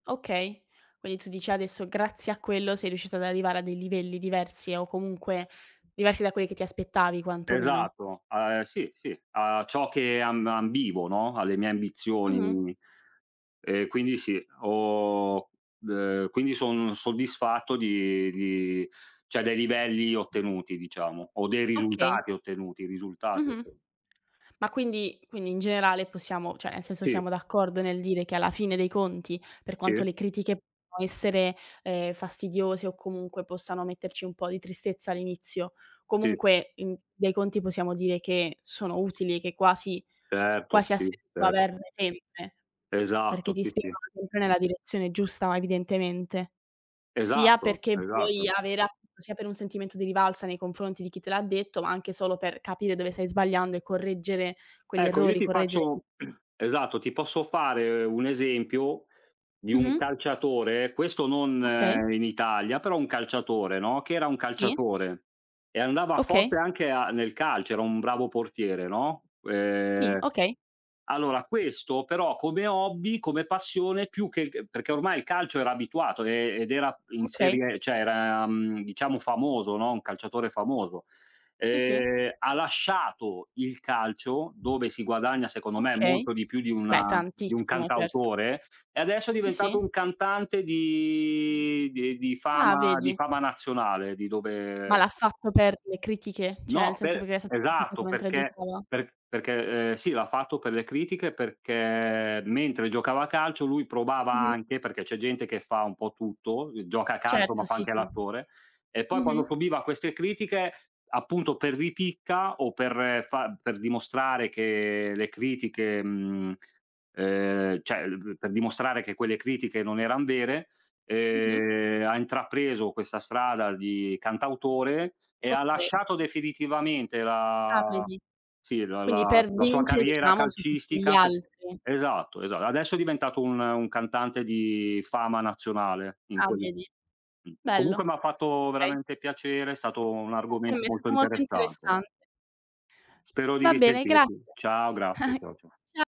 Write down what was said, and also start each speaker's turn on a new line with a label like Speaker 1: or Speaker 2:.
Speaker 1: Okay. Quindi tu dici adesso grazie a quello sei riuscito ad arrivare a dei livelli diversi, o comunque diversi da quelli che ti aspettavi quantomeno.
Speaker 2: Esatto. A e sì, sì. A ciò che amb ambivo, no, alle mie
Speaker 1: Mh-mh.
Speaker 2: ambizioni. E quindi sì, ho ehm, quindi son soddisfatto di di cioè dei livelli ottenuti, diciamo; o dei
Speaker 1: Okay.
Speaker 2: risultati ottenuti, i risultati
Speaker 1: Mh-mh.
Speaker 2: otten
Speaker 1: Ma quindi quindi in generale possiamo cioè nel senso,
Speaker 2: Sì.
Speaker 1: siamo d'accordo nel dire che alla fine dei conti, per quanto
Speaker 2: Sì.
Speaker 1: le critiche può essere, ehm, fastidiose o comunque possano metterci un po' di tristezza all'inizio,
Speaker 2: Sì.
Speaker 1: comunque in dai conti possiamo dire che sono utili e che quasi
Speaker 2: Certo,
Speaker 1: quasi ha
Speaker 2: sì,
Speaker 1: senso
Speaker 2: certo.
Speaker 1: averne sempre. Perché
Speaker 2: Esatto,
Speaker 1: ti
Speaker 2: sì, sì.
Speaker 1: spingono comunque nella direzione giusta evidentemente. Sia
Speaker 2: Esatto,
Speaker 1: perché vuoi
Speaker 2: esatto.
Speaker 1: avere a sia per un sentimento di rivalsa nei confronti di chi te l'ha detto, ma anche solo per capire dove stai sbagliando e correggere quegli
Speaker 2: Ecco, io
Speaker 1: errori,
Speaker 2: ti
Speaker 1: correggere
Speaker 2: faccio esatto, ti posso fare un esempio, di un
Speaker 1: Mh-mh.
Speaker 2: calciatore, questo non
Speaker 1: Okay.
Speaker 2: in Italia, però un calciatore, no, che era un
Speaker 1: Sì.
Speaker 2: calciatore. E andava forte
Speaker 1: Okay.
Speaker 2: anche a nel calcio, era un bravo portiere, no.
Speaker 1: Sì,
Speaker 2: Ehm,
Speaker 1: okay.
Speaker 2: allora questo, però come hobby, come passione più che il c perché ormai il calcio era abituato, ehm, ed era in
Speaker 1: Okay.
Speaker 2: serie cioè era, mhmm, diciamo famoso, no, un calciatore famoso.
Speaker 1: Sì, sì.
Speaker 2: Ehm, ha lasciato il calcio dove si guadagna secondo me
Speaker 1: Okay.
Speaker 2: molto di più di
Speaker 1: Beh,
Speaker 2: una di un
Speaker 1: tantissimo, certo.
Speaker 2: cantautore, e adesso è
Speaker 1: Sì,
Speaker 2: diventato un
Speaker 1: sì.
Speaker 2: cantante di di ehm, di
Speaker 1: Ah,
Speaker 2: fama di
Speaker 1: vedi.
Speaker 2: fama nazionale, di
Speaker 1: Ma
Speaker 2: dove
Speaker 1: l'ha fatto per le critiche? Cioè nel
Speaker 2: No,
Speaker 1: senso
Speaker 2: pe
Speaker 1: perché era stato criticato
Speaker 2: esatto,
Speaker 1: mentre
Speaker 2: perché,
Speaker 1: giocava?
Speaker 2: per perché, ehm, sì, l'ha fatto per le critiche, perché mentre giocava a calcio lui provava
Speaker 1: Mh-mh.
Speaker 2: anche, perché c'è gente che fa un po' tutto, uhm, gioca a calcio ma
Speaker 1: Certo,
Speaker 2: fa
Speaker 1: sì,
Speaker 2: anche
Speaker 1: sì.
Speaker 2: l'attore; e poi
Speaker 1: Mh-mh.
Speaker 2: quando subiva queste critiche, appunto per ripicca o per fa per dimostrare che le critiche, mhmm, ehm, cioè l b per dimostrare che quelle critiche non eran vere,
Speaker 1: Mh-mh.
Speaker 2: ehm, ha intrapreso questa strada di cantautore e ha
Speaker 1: Okay.
Speaker 2: lasciato definitivamente
Speaker 1: Ah
Speaker 2: la
Speaker 1: vedi.
Speaker 2: sì, la la
Speaker 1: Quindi per
Speaker 2: la sua
Speaker 1: vincere,
Speaker 2: carriera
Speaker 1: diciamo, su tutti gli
Speaker 2: calcistica pe
Speaker 1: altri.
Speaker 2: esatto, esa adesso è diventato un un cantante di fama nazionale, in
Speaker 1: Ah,
Speaker 2: quel
Speaker 1: vedi.
Speaker 2: mh.
Speaker 1: Bello.
Speaker 2: Comunque m'ha fatto
Speaker 1: Okay.
Speaker 2: veramente piacere, è stato un
Speaker 1: Anche a me
Speaker 2: argomento
Speaker 1: è
Speaker 2: molto
Speaker 1: stato molto
Speaker 2: interessante.
Speaker 1: interessante.
Speaker 2: Spero di
Speaker 1: Va bene,
Speaker 2: risentirti.
Speaker 1: grazie.
Speaker 2: Ciao, grazie, ciao, cia
Speaker 1: Cia